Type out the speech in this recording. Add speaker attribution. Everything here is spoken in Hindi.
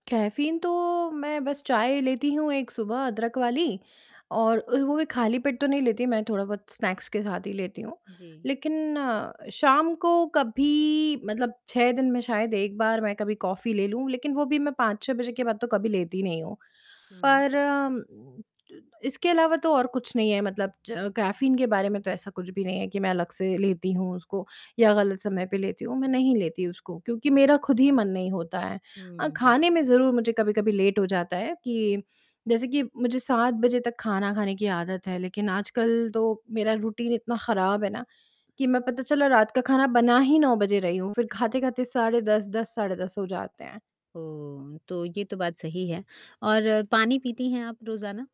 Speaker 1: कैफीन तो मैं बस चाय लेती हूँ 1 सुबह अदरक वाली और ओ वो भी खाली पेट तो नहीं लेती मैं थोड़ा-बहुत स्नैक्स के साथ ही लेती हूँ,
Speaker 2: जी।
Speaker 1: लेकिन शाम को कभी मतलब 6 दिन में शायद 1 बार मैं कभी कॉफी ले लूँ, लेकिन वो भी मैं 5-6 बजे के बाद तो कभी लेती नहीं हूँ।
Speaker 2: हुँ।
Speaker 1: पर इसके अलावा तो और कुछ नहीं है मतलब च अ, कैफीन के बारे में तो ऐसा कुछ भी नहीं है कि मैं अलग से लेती हूँ उसको या गलत समय पे लेती हूँ, मैं नहीं लेती उसको क्योंकि मेरा खुद ही मन नहीं होता है। अ,
Speaker 2: हुँ, हुँ।
Speaker 1: खाने में ज़रूर मुझे कभी-कभी लेट हो जाता है कि जैसे कि मुझे 7 बजे तक खाना खाने की आदत है लेकिन आजकल तो मेरा रूटीन इतना खराब है ना, कि मैं पता चला रात का खाना बना ही 9 बजे रही हूँ, फिर खाते-खाते साढ़े 10 10 साढ़े 10 हो जाते हैं।
Speaker 2: ओह! तो ये तो बात सही है। और पानी पीती हैं आप रोज़ाना?